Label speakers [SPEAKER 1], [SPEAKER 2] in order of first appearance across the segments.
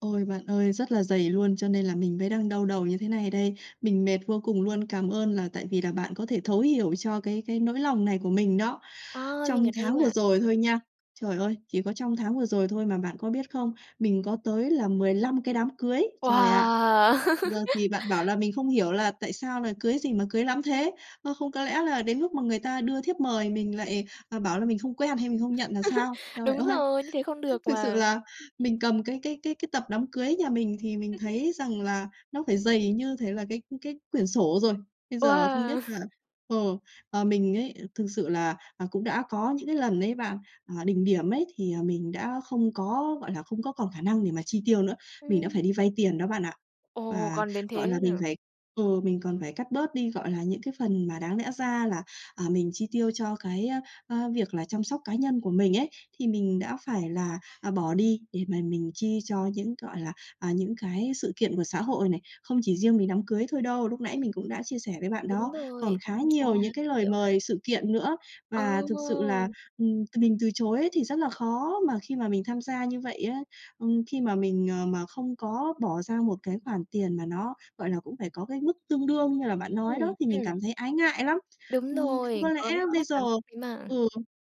[SPEAKER 1] Ôi, bạn ơi, rất là dày luôn, cho nên là mình mới đang đau đầu như thế này đây, mình mệt vô cùng luôn. Cảm ơn là tại vì là bạn có thể thấu hiểu cho cái cái nỗi lòng này của mình đó.
[SPEAKER 2] Ờ, mình
[SPEAKER 1] Trong
[SPEAKER 2] ở đây
[SPEAKER 1] tháng vừa
[SPEAKER 2] mà.
[SPEAKER 1] rồi thôi nha, trời ơi, chỉ có trong tháng vừa rồi thôi mà bạn có biết không? Mình có tới là 15 cái đám cưới, trời ạ!
[SPEAKER 2] Wow!
[SPEAKER 1] Giờ thì bạn bảo là mình không hiểu là tại sao là cưới gì mà cưới lắm thế? Ơ, không có lẽ là đến lúc mà người ta đưa thiếp mời mình lại, ờ, bảo là mình không quen hay mình không nhận là sao? Trời
[SPEAKER 2] Đúng
[SPEAKER 1] ơi,
[SPEAKER 2] rồi, như thế không được
[SPEAKER 1] thực sự
[SPEAKER 2] mà.
[SPEAKER 1] là mình cầm cái cái cái cái tập đám cưới nhà mình thì mình thấy rằng là nó phải dày như thể là cái, ưm, cái quyển sổ rồi. Bây giờ không biết
[SPEAKER 2] Wow!
[SPEAKER 1] là, ờ, ờ, mình ấy, thực sự là, à, cũng đã có những cái lần ấy bạn, à, đỉnh điểm ấy thì, à, mình đã không có, gọi là, không có còn khả năng để mà chi tiêu nữa. Mình đã phải
[SPEAKER 2] Ừm.
[SPEAKER 1] đi vay tiền đó bạn ạ,
[SPEAKER 2] Ồ!
[SPEAKER 1] và,
[SPEAKER 2] Còn đến
[SPEAKER 1] gọi
[SPEAKER 2] thế
[SPEAKER 1] là,
[SPEAKER 2] luôn
[SPEAKER 1] mình
[SPEAKER 2] hả?
[SPEAKER 1] phải ừ, mình còn phải cắt bớt đi, gọi là, những cái phần mà đáng lẽ ra là, à, mình chi tiêu cho cái, a, a, việc là chăm sóc cá nhân của mình ấy thì mình đã phải là, à, bỏ đi để mà mình chi cho những, gọi là, à, những cái sự kiện của xã hội này. Không chỉ riêng về đám cưới thôi đâu, lúc nãy mình cũng đã chia sẻ với bạn đó,
[SPEAKER 2] Đúng
[SPEAKER 1] còn
[SPEAKER 2] rồi,
[SPEAKER 1] khá
[SPEAKER 2] tân gia
[SPEAKER 1] nhiều những cái lời
[SPEAKER 2] kiểu.
[SPEAKER 1] mời sự kiện nữa,
[SPEAKER 2] Ờ!
[SPEAKER 1] và thực sự là, ừm, mình từ chối á thì rất là khó. Mà khi mà mình tham gia như vậy á, ừm, khi mà mình, ờ, mà không có bỏ ra một cái khoản tiền mà nó, gọi là, cũng phải có cái mức tương đương như là bạn nói
[SPEAKER 2] Ừm,
[SPEAKER 1] đó thì mình
[SPEAKER 2] ừm.
[SPEAKER 1] cảm thấy ái ngại lắm,
[SPEAKER 2] Đúng
[SPEAKER 1] ừm. Không có
[SPEAKER 2] rồi,
[SPEAKER 1] lẽ
[SPEAKER 2] vẫn có
[SPEAKER 1] bây
[SPEAKER 2] cái
[SPEAKER 1] giờ
[SPEAKER 2] cảm xúc đấy mà.
[SPEAKER 1] ừ,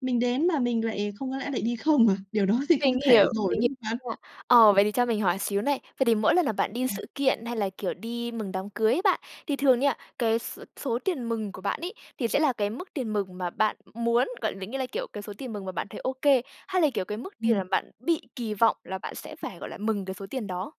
[SPEAKER 1] mình đến mà mình lại không có lẽ lại đi không à? Điều đó thì
[SPEAKER 2] Mình
[SPEAKER 1] không thể
[SPEAKER 2] hiểu,
[SPEAKER 1] rồi,
[SPEAKER 2] mình h
[SPEAKER 1] đúng không bạn?
[SPEAKER 2] nha. Ờ, vậy thì cho mình hỏi xíu này, vậy thì mỗi lần là bạn đi
[SPEAKER 1] Ừm.
[SPEAKER 2] sự kiện, hay là, kiểu, đi mừng đám cưới á bạn, thì thường nha cái s-số tiền mừng của bạn ấy, thì sẽ là cái mức tiền mừng mà bạn muốn gọi định nghĩa là cái, kiểu, cái số tiền mừng mà bạn thấy OK, hay là, kiểu, cái mức tiền mà
[SPEAKER 1] Ừm.
[SPEAKER 2] bạn bị kỳ vọng là bạn sẽ phải, gọi là, mừng cái số tiền đó?